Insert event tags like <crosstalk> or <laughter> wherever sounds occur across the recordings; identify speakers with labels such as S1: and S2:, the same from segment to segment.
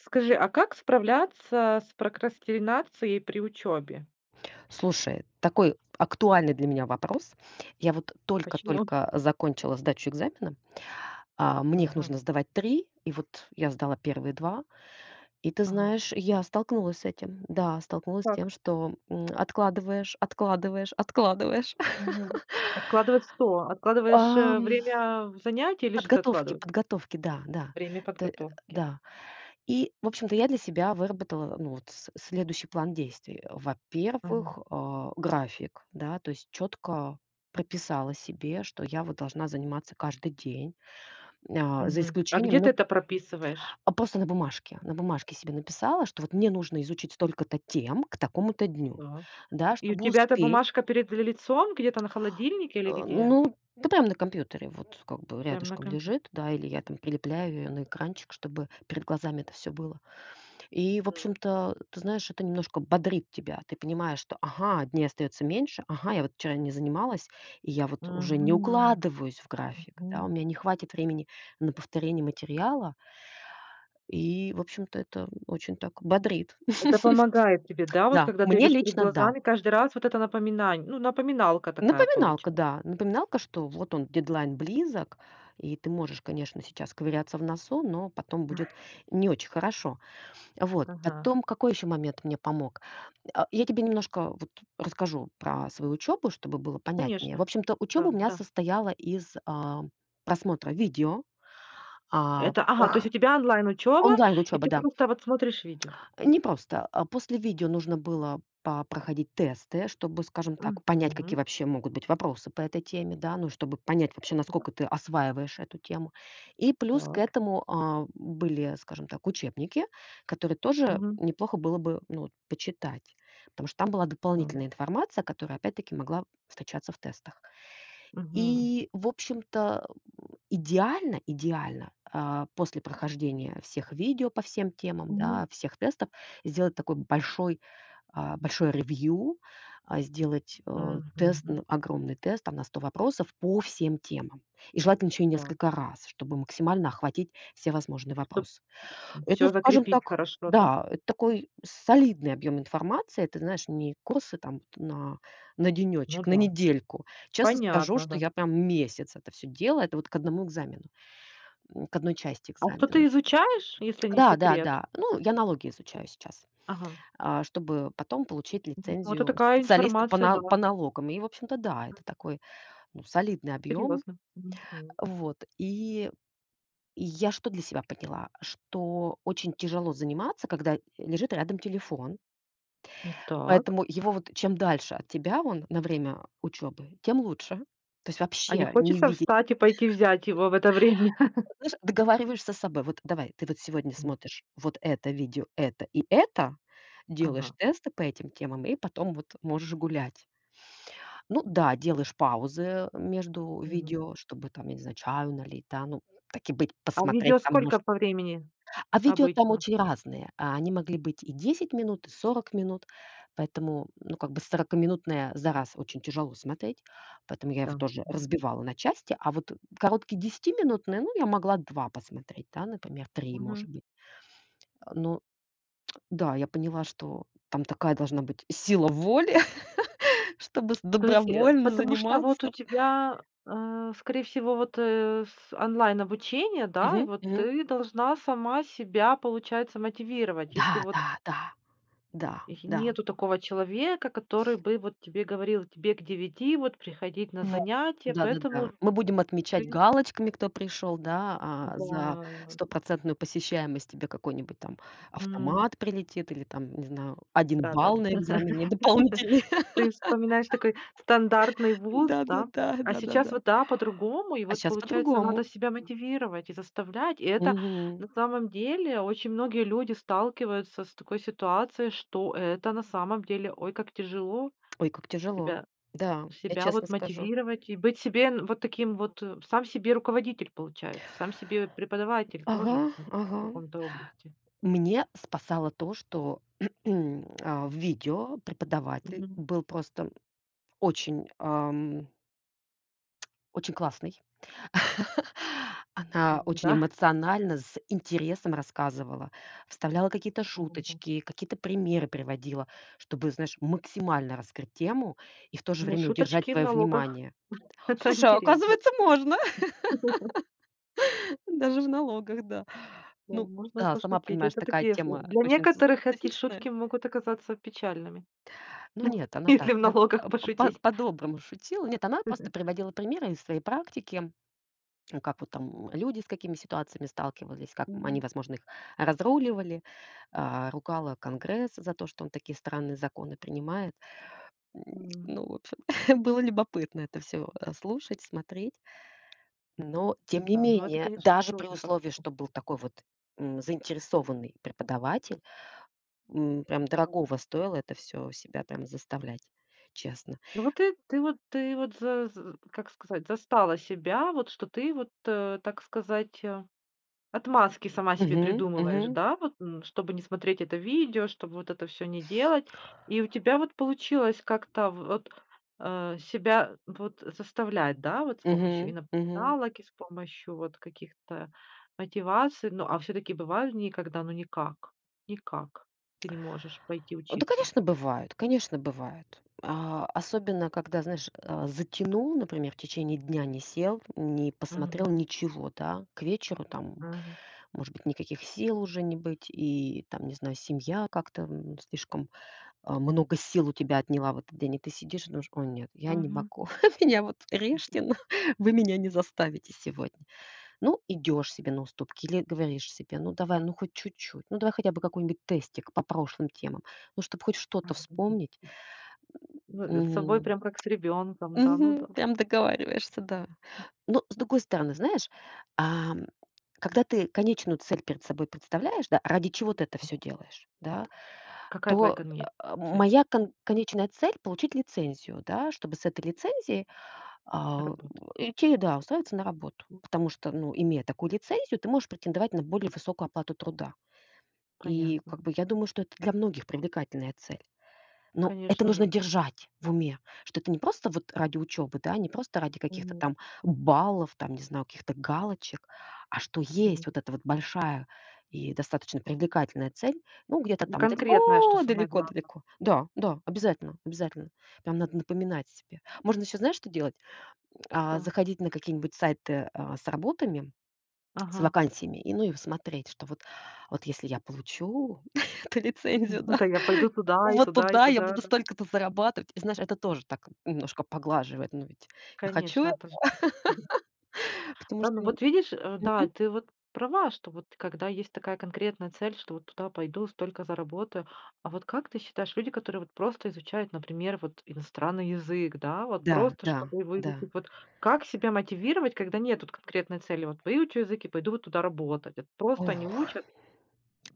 S1: Скажи, а как справляться с прокрастинацией при учёбе?
S2: Слушай, такой актуальный для меня вопрос. Я вот
S1: Почему?
S2: только-только закончила сдачу экзамена. А мне их
S1: Ага.
S2: нужно сдавать 3. И вот я сдала первые 2 И ты
S1: Ага.
S2: знаешь, я столкнулась с этим. Да, столкнулась с тем,
S1: Так.
S2: что, м, откладываешь, откладываешь, откладываешь.
S1: Ага. Откладывать что?
S2: <laughs>
S1: Откладываешь,
S2: Ам.
S1: э, время занятия или что ты
S2: Подготовки
S1: откладыва
S2: подготовки. Да-да,
S1: Время
S2: т <grunts> э
S1: подготовки.
S2: да. И в общем-то я для себя выработала, ну, вот с следующий план действий
S1: Мгм.
S2: Во-первых, а, график. Да, то есть чётко прописала себе, что я вот должна заниматься каждый день. Нь а, за
S1: Мгм. А
S2: исключением,
S1: где ты
S2: ну
S1: это прописываешь?
S2: а, просто на бумажке на бумажке себе написала, что вот мне нужно изучить столько-то тем к такому-то дню.
S1: Так.
S2: Да,
S1: И у
S2: чтобы
S1: тебя эта
S2: успеть.
S1: бумажка перед ли лицом где-то на холодильнике или
S2: А,
S1: где?
S2: ну да прям на компьютере, вот как бы
S1: Прям на
S2: рядышком
S1: компьют
S2: лежит, да, или я там прилепляю её на экранчик, чтобы перед глазами это всё было. И, в
S1: Мгм.
S2: общем-то, ты знаешь, это немножко бодрит тебя. Ты понимаешь, что: "Ага, дней остаётся меньше. Ага, я вот вчера не занималась, и я вот уже не
S1: Мгм.
S2: укладываюсь в график. Да, у
S1: Мгм.
S2: меня не хватит времени на повторение материала". И, в общем-то, это очень так бодриат.
S1: Это помогает тебе,
S2: <chuckles>
S1: да? Вот
S2: Да,
S1: когда ты
S2: мне
S1: видишь перед
S2: лично да.
S1: глазами, каждый раз вот это напоминань ну, напоминалка такая получа
S2: Напоминалка, да. Напоминалка, что вот он, дедлайн, близок, и ты можешь, конечно, сейчас ковыряться в носу, но потом будет не очень хорошо. Вот.
S1: Ага. <chuckles>
S2: Потом, какой ещё момент мне помог? А, я тебе немножко вот расскажу про свою учебу, чтобы было понятнее. В
S1: Конечно,
S2: общем-то, учеба у меня
S1: да-да.
S2: состояла из, а, просмотра видео. А,
S1: Это ага, то есть у
S2: эха,
S1: тебя онлайн-учёба, и
S2: онлайн-учеба,
S1: ты
S2: да.
S1: просто вот смотришь видео?
S2: Непросто. А, после видео нужно было попроходить тесты, чтобы, скажем так, понять, какие
S1: Мгм.
S2: вообще могут быть вопросы по этой теме, да? Ну, чтобы понять вообще,
S1: Кря.
S2: насколько ты осваиваешь эту тему. И плюс к
S1: Так.
S2: этому, а, м были, а, скажем так, учебники, которые тоже
S1: Мгм.
S2: неплохо было бы, ну вот, почитать. Потому что там была
S1: Того.
S2: дополнительная информация, которая опять-таки могла встречаться в тестах.
S1: Мгм.
S2: И в общем-то, <grunts> идеально идеально а, после прохождения всех видео по всем темам, да,
S1: Мгм.
S2: всех тестов сделать такой большой а, большое ревью, а, сделать а, тест
S1: Мгм.
S2: н огромный тест, да, на 100 вопросов по всем темам, и желательно ещё и
S1: Так.
S2: несколько раз, чтобы максимально охватить все возможные
S1: Чтоб
S2: вопросы. Это,
S1: всё
S2: скажем
S1: закрепить
S2: так,
S1: хорошо, да?
S2: да, это такой солидный объем информации. Это, знаешь, не курсы там вот на на
S1: Ну
S2: денечек, на
S1: да.
S2: недельку. Честно скажу,
S1: Понятно,
S2: что
S1: да.
S2: я прям месяц это всё делаю. Это вот к 1 экзамену. Нь к 1 части
S1: А что ты
S2: экзамена.
S1: изучаешь, если не секрет?
S2: Да-да-да. Ну, я налоги изучаю сейчас,
S1: Ага. <chuckles>
S2: а, чтобы потом получить
S1: Ну, это
S2: лицензию
S1: такая
S2: специалиста по
S1: информация,
S2: на по
S1: да.
S2: налогам. И, в общем-то, да, это такой, ну, солидный объем.
S1: Серьезно. Мгм.
S2: А, вот, и я что для себя поняла? Что очень тяжело заниматься, когда лежит рядом телефон.
S1: Ну так.
S2: Поэтому его, вот, чем дальше от тебя он на время, а, учебы, тем лучше. То есть
S1: А не
S2: вообще не
S1: хочется
S2: видеть.
S1: встать и пойти взять
S2: <chuckles>
S1: его в это время? <chuckles>
S2: Знаешь, договариваешься с собой: "Вот давай ты вот сегодня
S1: У.
S2: смотришь вот это видео, это и это,
S1: Ага.
S2: делаешь
S1: <chuckles>
S2: тесты по этим темам и потом вот можешь гулять". Ну да, делаешь паузы, между
S1: Мгм.
S2: видео, чтобы там, я не знаю, чаю налить, да. Ну, так и быть,
S1: А
S2: посмотреть
S1: видео
S2: там
S1: сколько
S2: может.
S1: по времени
S2: А видео там
S1: обычно?
S2: очень разные. А, они могли быть и 10 минут, и 40 минут. Поэтому, ну, как бы сорокаминутное за раз очень тяжело смотреть. Поэтому я его
S1: Да.
S2: тоже
S1: Мгм.
S2: разбивала на части. А вот короткие десятиминутные, ну, я могла 2 посмотреть, да, например, 3,
S1: Мгм.
S2: может быть. А, но да, я поняла, что там такая должна быть сила воли, <chuckles> чтобы с
S1: То есть, и, а,
S2: добровольно
S1: потому что вот у
S2: заниматься.
S1: тебя, э, скорее всего, вот, э, с онлайн-обучение, да, и
S2: Мгм.
S1: вот
S2: Мгм.
S1: ты должна сама себя, получается, мотивировать, если вот
S2: Да-да-да.
S1: й
S2: Да-да.
S1: нету такого человека, который бы вот тебе говорил: "Тебе к девяти вот приходить на
S2: Вот,
S1: занятия,
S2: да да
S1: поэтому
S2: да. Мы будем отмечать
S1: ты"
S2: галочками, кто пришёл, да? А за
S1: Да.
S2: 100 % посещаемость тебе какой-нибудь там
S1: Мгм.
S2: автомат прилетит, или там, не знаю, 1
S1: Да да да.
S2: балл на экзамене
S1: <laughs>
S2: дополнительный.
S1: Ты вспоминаешь такой стандартный
S2: <laughs>
S1: вуз, да?
S2: Да-да-да,
S1: А сейчас
S2: да-да-да. <chuckles>
S1: вот да, по-другому. И
S2: А
S1: вот,
S2: щас
S1: получается, надо
S2: по-другому.
S1: себя мотивировать и заставлять. И это, на
S2: Мгм.
S1: самом деле, очень многие люди сталкиваются с такой ситуацией, что это, на самом деле, ой как тяжело
S2: Ой, как тяжело.
S1: себя
S2: Да, я
S1: себя
S2: честно
S1: вот
S2: скажу.
S1: мотивировать и быть себе, ну, вот таким вот, сам себе руководитель получается, сам себе преподаватель тоже,
S2: Ага,
S1: хм в
S2: ага.
S1: каком-то области.
S2: Мне спасало то, что, <clears throat> а, в видео преподаватель
S1: Мгм.
S2: был просто, м, очень, ам Очень классный. <laughs> Она
S1: М,
S2: очень
S1: да.
S2: эмоционально, с интересом рассказывала, вставляла какие-то
S1: Мгм.
S2: шуточки, какие-то примеры приводила, чтобы, знаешь, максимально раскрыть тему и в то же
S1: Ну,
S2: время удержать
S1: шуточки в
S2: твоё
S1: налогах.
S2: внимание. О,
S1: <chuckles> Это
S2: слушай, а
S1: интересно.
S2: оказывается, можно!
S1: М. <chuckles>
S2: <laughs> Даже в налогах, да.
S1: Да.
S2: Ну
S1: Можно
S2: да, сама
S1: пошутить.
S2: понимаешь,
S1: Это
S2: такая
S1: такие с э.
S2: тема, а,
S1: Для
S2: очень со
S1: некоторых эти
S2: специфичная.
S1: шутки могут оказаться печальными.
S2: Ну, нет, она так
S1: <chuckles> Если в
S2: кат
S1: налогах
S2: а, по по
S1: пошутить.
S2: по-доброму шутила. Нет, она просто
S1: <chuckles>
S2: приводила примеры из своей практики. М, как вот там, м, люди, с какими ситуациями сталкивались, как, м, они,
S1: Мгм.
S2: возможно, их разруливали, а, ругала Конгресс за то, что он такие странные законы принимает. М,
S1: М.
S2: ну, в общем, <chuckles> было любопытно это всё, а, слушать, смотреть. Но тем не
S1: Да, но это,
S2: менее,
S1: конечно,
S2: даже при
S1: трудно
S2: условии,
S1: собраться.
S2: что был такой вот, м, заинтересованный преподаватель, м. Прям дорогого стоило это всё себя там заставлять. Честно.
S1: Ну вот, ты ты вот ты вот, за з как сказать, застала себя, вот что ты вот, а, так сказать, а, отмазки сама себе
S2: Мгм,
S1: придумываешь,
S2: мгм.
S1: да, вот, м чтобы не смотреть это видео, чтобы вот это всё не делать. И у тебя вот получилось как-то, а, в вот, а, себя, э, вот, э, заставлять, да, вот? С помощью и
S2: Мгм, мгм.
S1: напоминалок, и с помощью вот каких-то, а, мотиваций. Ну, а всё-таки бывают дни, когда, ну, никак никак ты не можешь пойти
S2: Да,
S1: учиться?
S2: конечно, бывает, конечно, бывает. А, особенно когда, знаешь, а, затянул, например, в течение дня не сел, не посмотрел
S1: Мгм.
S2: ничего, да. К вечеру там, м,
S1: Мгм.
S2: может быть, никаких сил уже не быть, и, там, не знаю, семья как-то, м, слишком, а, много сил у тебя отняла в этот день. И ты сидишь и думаешь: "Ой, нет, я не
S1: Мгм.
S2: могу. <chuckles> Меня вот, режьте, но <chuckles> вы меня не заставите сегодня". Ну, идёшь себе на уступки или говоришь себе: "Ну, давай, ну, хоть чуть-чуть. Ну, давай хотя бы какой-нибудь тестик по прошлым темам. Ну, чтоб хоть что-то
S1: <unintelligible>
S2: вспомнить!"
S1: Ну, э, с
S2: <grunts>
S1: собой
S2: Мгм.
S1: прям как с ребёнком, <chuckles> да, ну,
S2: Мгм.
S1: там, ну,
S2: Прям договариваешься, да.
S1: давай.
S2: Но, с другой стороны, знаешь. А, м, когда ты конечную цель перед собой представляешь, да, ради чего ты это
S1: Мгм.
S2: всё делаешь, да,
S1: Какая твоя
S2: то,
S1: конечная
S2: а, м
S1: цель?
S2: моя кон конечная цель- получить лицензию, да, чтобы с этой лицензией, а, у
S1: Работать.
S2: идти и, да, устраиваться на работу.
S1: М.
S2: Потому что, ну, имея такую лицензию, ты можешь претендовать на более высокую оплату труда. И, как
S1: Понятно.
S2: бы, я думаю, что это для многих привлекательная цель. Но это
S1: Конечно же.
S2: нужно держать в уме, что это не просто вот ради учебы. Да, не просто ради каких-то
S1: Мгм.
S2: там баллов, там, не знаю, каких-то галочек, а что есть
S1: Мгм.
S2: вот эта вот большая и достаточно привлекательная цель. Ну, где-то
S1: Не
S2: там
S1: конкретное, что самое главно.
S2: далеко-далеко-далеко. Да, да, обязательно, обязательно. Прям надо напоминать себе. Можно ещё, знаешь, что делать? М, а
S1: Да.
S2: заходить на какие-нибудь сайты, а, с работами, с
S1: Ага.
S2: вакансиями, и, ну, и смотреть, что вот вот, если я получу <chuckles> эту лицензию,
S1: Ну,
S2: да,
S1: тогда пойду туда, и
S2: вот
S1: туда, и
S2: тогда я
S1: туда,
S2: буду
S1: да.
S2: столько-то зарабатывать. И, знаешь, это тоже так немножко поглаживает. Но ведь я хочу этого.
S1: Конечно, это же <chuckles>
S2: <laughs> Потому
S1: Да,
S2: что,
S1: ну
S2: м
S1: вот видишь, э, да,
S2: мгм.
S1: ты вот права, что вот когда есть такая конкретная цель: "Что вот туда пойду, столько заработаю". А вот как ты считаешь, люди, которые вот просто изучают, например, вот иностранный язык, да, вот
S2: Да,
S1: просто
S2: да,
S1: чтобы выучить
S2: да.
S1: вот- как себя мотивировать, когда нет вот конкретной цели: "Вот выучу язык и пойду вот туда работать"? Вот просто
S2: Ох!
S1: они учат.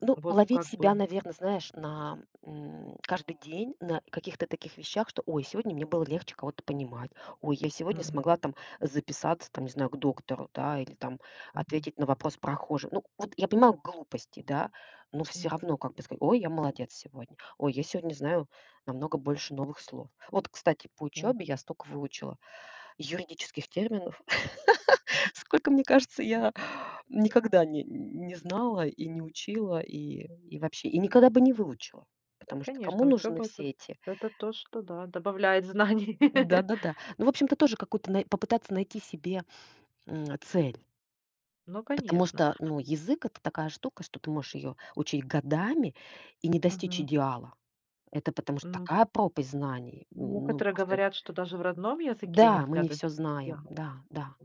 S2: Ну,
S1: Вот,
S2: ловить
S1: как бы.
S2: себя, наверно, знаешь, на, м, каждый день на каких-то таких вещах, что: "Ой, сегодня мне было легче кого-то понимать. Ой, я сегодня
S1: Мгм.
S2: смогла там записаться, там, не знаю, к доктору, да, или там
S1: Мгм.
S2: ответить на вопрос прохожих". Ну вот, я понимаю, глупости, да. Но всё
S1: Мгм.
S2: равно, как бы сказать: "Ой, я молодец сегодня. Ой, я сегодня знаю намного больше новых слов". Вот, кстати, по учёбе я
S1: Мгм.
S2: столько выучила юридических терминов.
S1: Мгм,
S2: <laughs> Сколько, мне кажется,
S1: мгм.
S2: я никогда не м, не знала, и не учила, и и вообще, и никогда бы не выучила. Потому что кому
S1: Конечно,
S2: нужны
S1: учёба- это
S2: все эти
S1: это то, что, да, добавляет знаний. <laughs>
S2: Да-да-да. Ну, в общем-то, тоже какое-то най попытаться найти себе, м, цель.
S1: Ну,
S2: Потому
S1: конечно.
S2: что, ну, язык- это такая штука, что ты можешь её учить годами и не достичь
S1: Мгм.
S2: идеала. Это потому что
S1: М. Вот.
S2: такая пропасть знаний! М, ну
S1: Некоторые
S2: просто.
S1: говорят, что даже в родном языке
S2: Да, мы
S1: нельзя
S2: не всё
S1: добиться
S2: знаем.
S1: идеала.
S2: Да, да.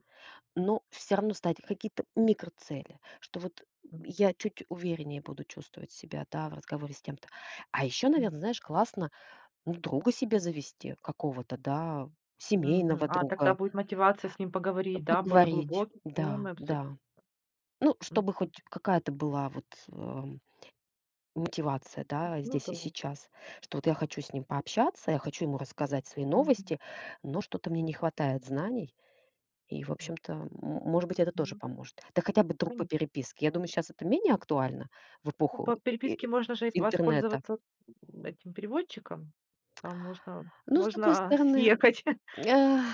S2: Но всё равно ставить какие-то микроцели, что вот, м,
S1: Мгм.
S2: я чуть увереннее буду чувствовать себя, да, в разговоре с тем-то. А ещё,
S1: М.
S2: наверно, знаешь, классно, ну, друга себе завести какого-то, да?
S1: Мгм.
S2: Семейного
S1: А тогда
S2: друга.
S1: будет мотивация с ним
S2: А,
S1: поговорить, да, более
S2: поговорить,
S1: глубокие
S2: да,
S1: темы обсудить.
S2: да. Ну,
S1: Мгм.
S2: чтобы хоть какая-то была вот, а, мотивация,
S1: М,
S2: да,
S1: ну
S2: здесь и
S1: да.
S2: сейчас, что вот я хочу с ним пообщаться, я хочу ему рассказать свои
S1: Мгм.
S2: новости, но что-то мне не хватает знаний. И, в
S1: М.
S2: общем-то, м может быть, это тоже
S1: Ну да.
S2: поможет. Да хотя бы друг по
S1: Конечно.
S2: переписке. Я думаю, щас это менее актуально в
S1: Ну,
S2: эпоху
S1: по
S2: э
S1: переписке
S2: и
S1: можно же ис
S2: интернета.
S1: воспользоваться, м, этим переводчиком. А можно
S2: Ну, с другой
S1: можно, а,
S2: стороны,
S1: съехать. <chuckles>
S2: а, м.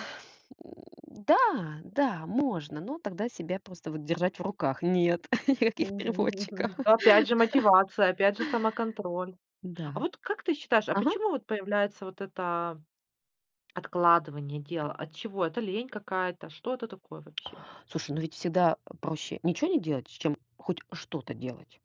S2: Да, да, можно, но тогда себя просто вот держать в руках. Нет! <chuckles>
S1: М.
S2: Никаких переводчиков!
S1: <laughs> Ну, опять же,
S2: <chuckles>
S1: мотивация, опять же, самоконтроль. А
S2: Да.
S1: вот как ты считаешь, а
S2: Ага.
S1: почему вот появляется вот это, а, откладывание
S2: Э.
S1: дела? От чего? Это лень какая-то? Что это такое вообще?
S2: Слушай, ну ведь всегда, а, проще ничего не делать, чем хоть что-то делать.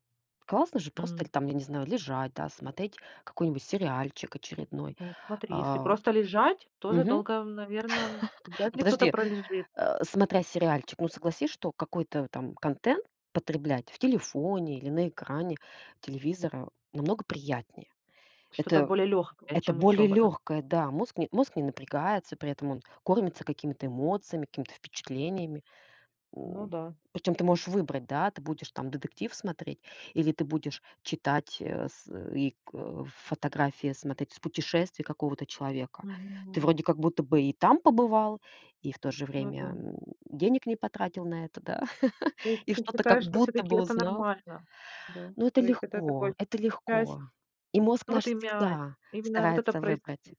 S2: Классно же просто
S1: М.
S2: или там, я не знаю, лежать, да, смотреть какой-нибудь сериальчик очередной,
S1: Ну, смотри, если
S2: а.
S1: просто лежать, тоже
S2: Мгм.
S1: долго, э, наверно, м,
S2: <laughs>
S1: вряд
S2: Ну,
S1: ли кто-то
S2: подожди!
S1: пролежит.
S2: А, смотря сериальчик, ну, согласись, что какой-то, э, там контент потреблять в телефоне или на экране телевизора намного приятнее.
S1: Что-то
S2: Это
S1: более лёгкое,
S2: это
S1: чем
S2: более
S1: учёба, да?
S2: лёгкое, да, мозг не мозг не напрягается, при этом он кормится какими-то эмоциями, какими-то впечатлениями.
S1: Ну
S2: М,
S1: да.
S2: причём ты можешь выбрать, да, ты будешь там детектив смотреть или ты будешь читать, э, с э и ко фотографии смотреть с путешествий какого-то человека. Ты
S1: Мгм.
S2: вроде как будто бы и там побывал, и в то же
S1: Ну
S2: время,
S1: да.
S2: м, денег не потратил на это, да?
S1: То
S2: <chuckles>
S1: есть
S2: И
S1: ты
S2: что-то как
S1: считаешь, что
S2: будто
S1: всё-таки
S2: бы
S1: это
S2: узнал.
S1: нормально? Да,
S2: Но это
S1: то есть это такой
S2: легко. Это
S1: часть,
S2: легко. И мозг
S1: ну,
S2: наш
S1: вот имя
S2: всегда
S1: именно вот это
S2: старается
S1: проис
S2: выбрать.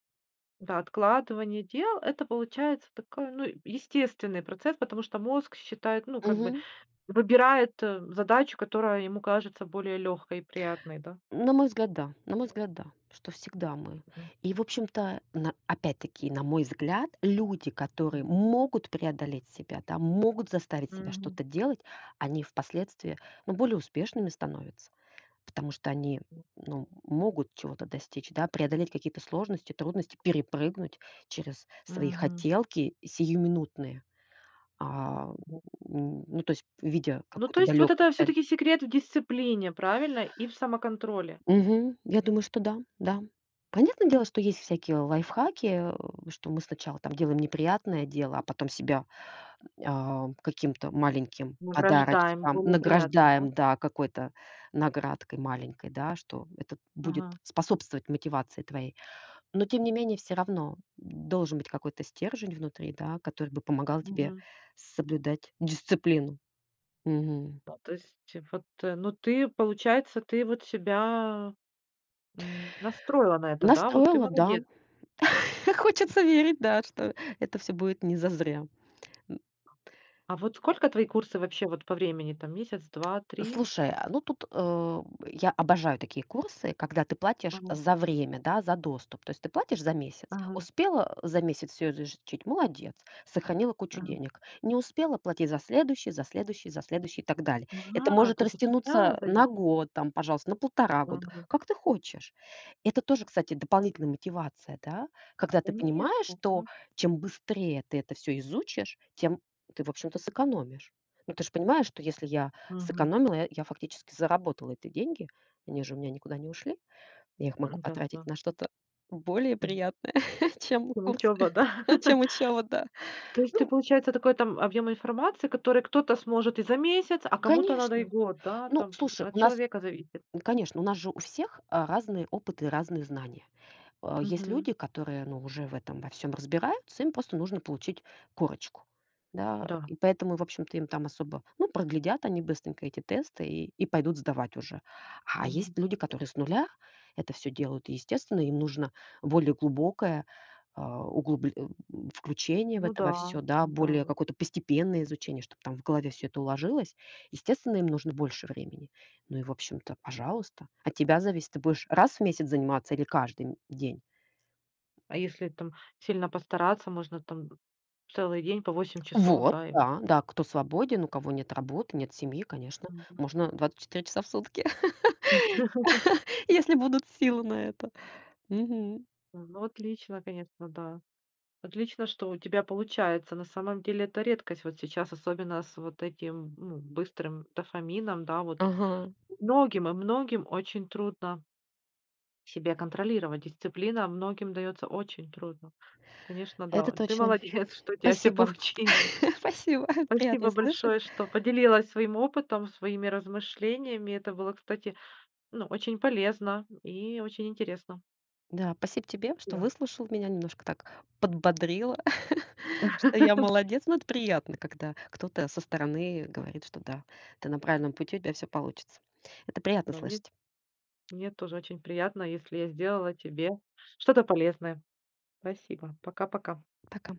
S1: м-да, откладывание дел, это получается такой, ну, э, естественный процесс, потому что мозг считает, ну, как бы,
S2: Мгм.
S1: выбирает, э, задачу, которая ему кажется более лёгкой и приятной, да?
S2: На мой взгляд, да, на мой взгляд, да, что всегда мы.
S1: Мгм.
S2: И, в общем-то, на опять-таки, на мой взгляд, люди,
S1: Мгм.
S2: которые могут преодолеть себя, да, могут заставить себя
S1: Мгм.
S2: что-то делать, они впоследствии, ну, более успешными становятся, потому что они, м,
S1: М.
S2: ну, м, могут чего-то достичь, да, преодолеть какие-то сложности, трудности, перепрыгнуть через свои
S1: Мгм.
S2: хотелки сиюминутные. А,
S1: Да. <chuckles>
S2: м, ну, то есть, видя
S1: Ну, то
S2: какую-то
S1: есть, вот
S2: далёкую
S1: это
S2: цель.
S1: всё-таки секрет в дисциплине, правильно? И в самоконтроле?
S2: Мгм, я думаю, что да. Да. Понятное дело, что есть всякие лайфхаки, а, что мы сначала там делаем неприятное дело, а потом себя, м, а, каким-то маленьким
S1: Награждаем
S2: подарочком
S1: более приятным, да?
S2: награждаем, да, какой-то наградкой маленькой, да, что это будет
S1: Ага.
S2: способствовать мотивации твоей. Но тем не менее всё равно, м, должен быть какой-то стержень внутри, да, который бы помогал тебе
S1: Мгм.
S2: соблюдать дисциплину. Мгм.
S1: А, то есть, э, вот, э, ну, ты, получается, ты вот себя, м, настроила на это, да, вот? Ты
S2: Настроила, да.
S1: молодец!
S2: <laughs> Хочется верить, да, что это всё будет не зазря. М.
S1: А вот сколько твои курсы вообще вот по времени там? Месяц, 2, 3?
S2: Слушай, а, ну тут, а, м, я обожаю такие курсы, когда ты платишь
S1: Ага.
S2: за время, да, за доступ. То есть ты платишь за месяц.
S1: Ага.
S2: Успела, а, за месяц всё изучить- молодец, сохранила кучу
S1: Ага.
S2: денег. Не успела- плати за следующий, за следующий, за следующий и так далее. Это
S1: А,
S2: может
S1: то есть от тебя
S2: растянуться, а, на
S1: зависит?
S2: год там, пожалуйста, на 1,5 года,
S1: Мгм.
S2: как ты хочешь. Это тоже, кстати, дополнительная мотивация, да? Когда ты
S1: Конечно,
S2: понимаешь, что
S1: да.
S2: чем быстрее ты это всё изучишь, тем ты, в общем-то, сэкономишь. Но ты ж понимаешь, что если я
S1: Мгм.
S2: сэкономила, э, я фактически заработала эти деньги. Они же у меня никуда не ушли. Я их могу
S1: М, да,
S2: потратить
S1: да.
S2: на что-то более
S1: М.
S2: приятное, <chuckles> чем
S1: Там учёба,
S2: курсы.
S1: да? <laughs>
S2: Чем учеба, да.
S1: То есть это
S2: Ну.
S1: получается такой там объём информации, который кто-то сможет и за месяц, а кому-то надо и
S2: Конечно.
S1: год, да?
S2: Ну,
S1: Там, м,
S2: слушай,
S1: от
S2: у нас,
S1: человека зависит.
S2: ну, конечно, у нас же у всех, а, разные опыты и разные знания. А есть
S1: Мгм.
S2: люди, которые, ну, уже в этом во всём разбираются, им просто нужно получить корочку. Да,
S1: Да.
S2: и поэтому, в общем-то, им там особо Ну, проглядят они быстренько эти тесты и и пойдут сдавать уже. А есть
S1: Мгм.
S2: люди, которые с нуля это всё делают, и, естественно, им нужно более глубокое, а, углубл э, включение в
S1: Ну
S2: это во
S1: да,
S2: всё. Да,
S1: да,
S2: более
S1: вот.
S2: какое-то постепенное изучение, чтоб там в голове всё это уложилось. Естественно, им нужно больше времени. Ну и, в общем-то, пожалуйста. От тебя зависит, ты будешь раз в месяц заниматься или каждый, м, день?
S1: А если там сильно постараться, можно там, м, целый день по 8 часов,
S2: Вот,
S1: да, и?
S2: да-да, кто свободен, у кого нет работы, нет семьи, конечно,
S1: Мгм.
S2: можно 24 часа в сутки
S1: <laughs>
S2: <laughs> Если будут силы на это. Мгм.
S1: А, ну, отлично, конечно, да. Отлично, что у тебя получается, на самом деле это редкость вот сейчас, особенно с вот этим, м, ну, быстрым дофамином, да, вот.
S2: Ага.
S1: Многим и многим очень трудно себя контролировать. Дисциплина многим даётся очень трудно. Конечно,
S2: Это
S1: да. Ты
S2: точно.
S1: молодец, что у тебя всё
S2: Спасибо.
S1: получилось!
S2: <chuckles> Спасибо.
S1: Спасибо
S2: Приятно слышать!
S1: большое, что поделилась своим опытом, своими размышлениями. Это было, кстати, ну, очень полезно, м, и очень интересно.
S2: Да, спасибо тебе, что
S1: Спасибо.
S2: выслушал меня. Немножко так подбодрило, <laughs> что я
S1: <laughs>
S2: молодец. Но это приятно, когда кто-то со стороны говорит, что да, ты на правильном пути, у тебя всё получится. Это приятно
S1: Да, мне
S2: слышать.
S1: мне тоже очень приятно, если я сделала тебе что-то полезное. Спасибо. Пока-пока.
S2: Пока.